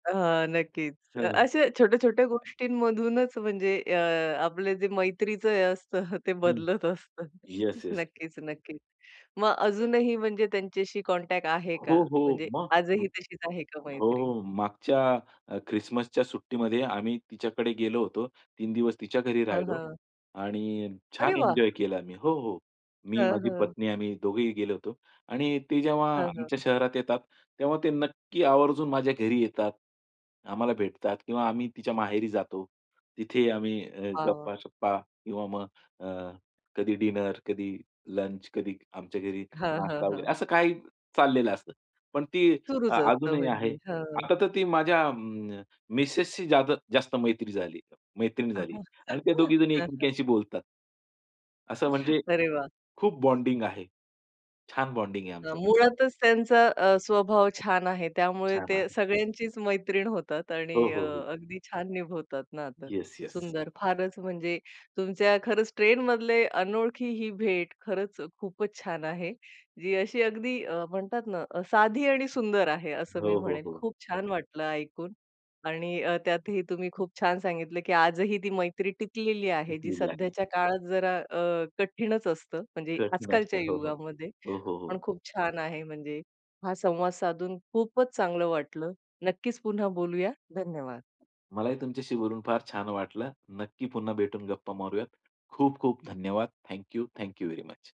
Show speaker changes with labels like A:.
A: अहां, नक्कीच. अ,
B: हां.
A: अशा छोट्या-छोट्या गोष्टींमधूनच म्हणजे अ, आपलं जे मैत्रीचं हे असतं ते
B: हं.
A: बदलत असतं.
B: Yes, yes.
A: नक्कीच नक्कीच, मग अजूनही म्हणजे त्यांच्याशी कॉन्टॅक्ट आहे का?
B: हो, हो,
A: म्हणजे
B: मग
A: आजही तशीच आहे का मैत्री?
B: हो, मागच्या अ, ख्रिसमसच्या सुट्टीमध्ये आम्ही तिच्याकडे गेलो होतो. 3 दिवस तिच्या घरी
A: हं,
B: राहिलो
A: हं.
B: आणि
A: अरे
B: छान
A: वाह!
B: एन्जॉय केला आम्ही. हो, हो. मी,
A: हं,
B: माझी
A: हं.
B: पत्नी आम्ही दोघेही गेलो होतो. आणि ते जेव्हा
A: हं,
B: आमच्या
A: हं.
B: शहरात येतात, तेव्हा ते नक्की आवर्जून माझ्या घरी येतात. आम्हाला भेटतात किंवा आम्ही तिच्या माहेरी जातो. तिथे आम्ही अ,
A: वा, वा!
B: गप्पा-शप्पा किंवा मग अ, कधी डिनर कधी लंच, कधी आमच्या घरी
A: हां, हां,
B: नाश्ता वगैरे.
A: हां.
B: असं काही चाललेलं असतं. पण ती
A: सुरूच असतं
B: अजूनही आहे.
A: म्हणजे. हां.
B: आता तर ती माझ्या अ, मिसेसची जादा जास्त मैत्री झाली, मैत्रीण झाली आणि त्या दोघी जणी एकमेकांशी बोलतात. असं म्हणजे
A: अरे वाह!
B: खूप बॉन्डिंग आहे. छान बॉन्डिंग आहे
A: न
B: आमचं.
A: मुळातच त्यांचा अ, स्वभाव छान आहे, त्यामुळे
B: छान
A: ते
B: आहे.
A: सगळ्यांचीच मैत्रीण होतात आणि
B: हो,
A: अ,
B: हो, हो.
A: अगदी छान निभवतात नातं.
B: Yes, yes.
A: सुंदर, फारच म्हणजे तुमच्या खरंच ट्रेनमधले अनोळखी ही भेट खरंच खूपच छान आहे. जी अशी अगदी अ, म्हणतात ना साधी आणि सुंदर आहे असं
B: हो,
A: मी
B: हो,
A: म्हणेल.
B: हो.
A: खूप छान वाटलं ऐकून. आणि अ, त्यातही तुम्ही खूप छान सांगितलं की आजही ती मैत्री टिकलेली आहे, जी
B: टिकलेली आहे.
A: सध्याच्या काळात जरा अ, कठीणच असतं म्हणजे
B: कठीण असतं.
A: आजकालच्या
B: हो, हो,
A: युगामध्ये,
B: हो, हो.
A: पण
B: हो.
A: खूप छान आहे. म्हणजे हा संवाद साधून खूपच चांगलं वाटलं. नक्कीच पुन्हा बोलूया. धन्यवाद!
B: मलाही तुमच्याशी बोलून फार छान वाटलं. नक्की पुन्हा भेटून गप्पा मारूयात. खूप-खूप धन्यवाद! Thank you, thank you very much.